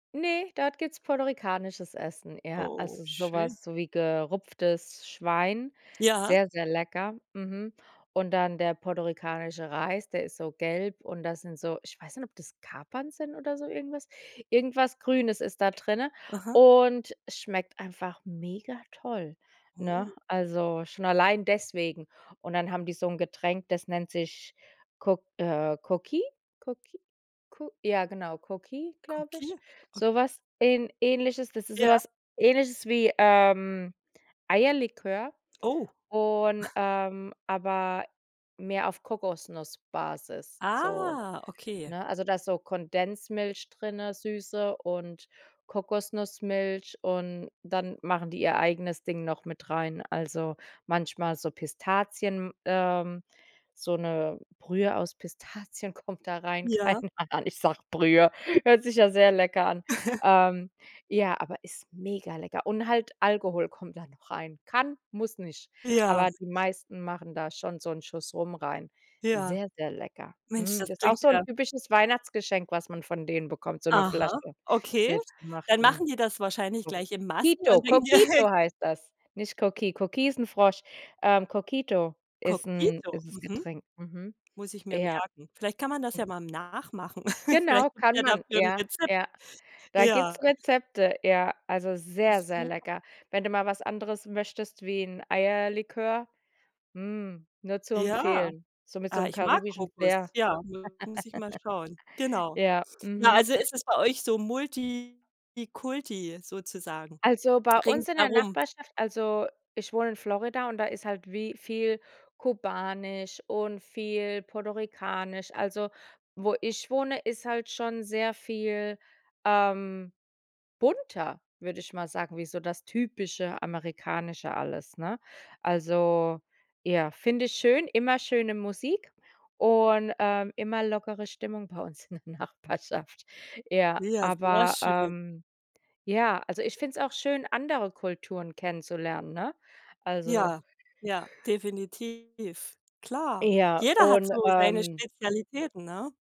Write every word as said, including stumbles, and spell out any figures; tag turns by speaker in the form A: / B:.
A: Ne, dort gibt’s puertorikanisches Essen, ja.
B: Oh,
A: Also so
B: schön.
A: was so wie gerupftes Schwein,
B: Ja.
A: sehr, sehr lecker. Mhm. Und dann der puertorikanische Reis, der ist so gelb, und das sind so ich weiß nicht, ob das Kapern sind oder so irgendwas. Irgendwas Grünes ist da drinne,
B: Aha.
A: und es schmeckt einfach mega toll, ne?
B: [unintelligible]
A: Also schon allein deswegen. Und dann haben die so ’n Getränk, das nennt sich Coq äh Coquito Coquito Co ja genau, Coquito, glaube
B: Coqui
A: ich. So
B: okay.
A: was Ähn Ähnliches, das ist so
B: Ja.
A: was Ähnliches wie, ähm, Eierlikör,
B: Oh.
A: und, ähm, aber mehr auf Kokosnussbasis, so
B: Ah, okay.
A: ne? Also da ist so Kondensmilch drinne, süße und Kokosnussmilch, und dann machen die ihr eigenes Ding noch mit rein. Also manchmal so Pistazien, ähm, so 'ne Brühe aus Pistazien kommt da rein.
B: Ja.
A: Keine Ahnung, Ich sage Brühe. Hört sich ja sehr lecker an, ähm. Ja, aber ist mega lecker. Und halt Alkohol kommt da noch rein. Kann, muss nicht.
B: Ja.
A: Aber die meisten machen da schon so 'n Schuss Rum rein.
B: Ja.
A: Sehr, sehr lecker.
B: Mensch,
A: Mm,
B: das
A: das ist auch
B: klingt
A: so ’n
B: ja
A: typisches Weihnachtsgeschenk, was man von denen bekommt, so 'ne
B: Aha,
A: Flasche
B: okay. Dann
A: selbstgemachten
B: machen die das wahrscheinlich gleich in Massen
A: Coquito Coquito
B: und.
A: Coquito
B: [unintelligible]
A: heißt das, nicht Coqui. Coqui ist ’n Frosch, ähm, Coquito ist ’n
B: Coquito,
A: ist das
B: mhm.
A: Getränk. Mhm,
B: Muss ich mir
A: ja.
B: merken. Vielleicht kann man das ja mal nachmachen.
A: Genau,
B: Vielleicht
A: kann
B: gibt’s
A: man.
B: dafür ’n
A: Ja,
B: Rezept.
A: ja. Da gibt’s
B: Ja.
A: Rezepte. Ja, also sehr,
B: S
A: sehr
B: super.
A: lecker. Wenn du mal was anderes möchtest wie 'n Eierlikör, mm, nur zu
B: Ja,
A: empfehlen, so mit so
B: ah,
A: 'nem
B: ich mag
A: karibischen
B: Kokos.
A: Flair.
B: Ja, muss ich mal schauen. Genau,
A: Ja,
B: ja,
A: mhm.
B: also es ist bei euch so multikulti sozusagen
A: Also, bei uns in der
B: ringsherum.
A: Nachbarschaft, also ich wohne in Florida, und da ist halt wie viel kubanisch und viel puertorikanisch. Also wo ich wohne, ist halt schon sehr viel, ähm, bunter, würde ich mal sagen, wie so das typische Amerikanische alles, ne? Also ja, finde ich schön. Immer schöne Musik und, ähm, immer lockere Stimmung bei uns in der Nachbarschaft Ja,
B: Ja, sehr
A: aber,
B: schön.
A: ähm, ja, also ich finde es auch schön, andere Kulturen kennenzulernen, ne, also
B: Ja, ja, definitiv. Klar.
A: Ja,
B: Jeder hat
A: und,
B: so seine
A: ähm.
B: Spezialitäten, ne?